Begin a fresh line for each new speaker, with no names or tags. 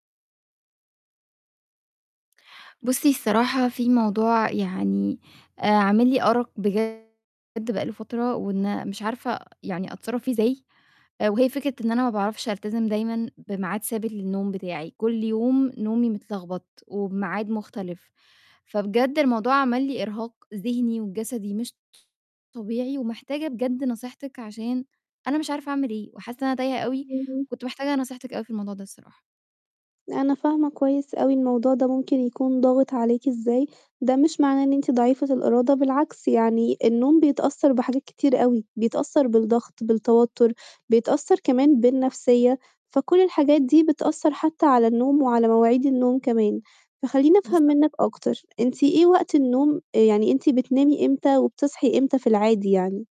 بُصّي الصراحة في موضوع يعني آآ عامل لي أرَق بجد بقى له فترة وإن مش عارفة يعني أتصرّف فيه إزاي آآ وهي فكرة إن أنا ما باعرفش ألتَزِم دايمًا بميعاد ثابت للنوم بتاعي، كل يوم نومي متلغبط وبميعاد مُختلف، فبجد الموضوع عمل لي إرهاق ذِهني وجَسدي مش طبيعي ومحتاجة بجد نصيحتِك عشان أنا مش عارفة أعمل إيه وحاسّة إن أنا تايهة أوي
اهم.
كنت مِحتاجة نصيحتِك أوي في الموضوع ده الصراحة.
لا، أنا فاهمة كويس أوي الموضوع ده ممكن يكون ضاغِط عليكِ إزاي، ده مش معناه إن أنتِ ضعيفة الإرادة، بالعكس يعني النوم بيتأثّر بحاجات كتير أوي بيتأثّر بالضغط، بالتوتّر، بيتأثّر كمان بالنَفْسيّة، فكل الحاجات دي بتأثّر حتى على النوم وعلى مواعيد النوم كمان، فخلّيني أفهم
بالضبط.
منِّك أكتر، أنتِ إيه وقت النوم آآ يعني أنتِ بتنامي إمتى وبتصحي إمتى في العادي يعني؟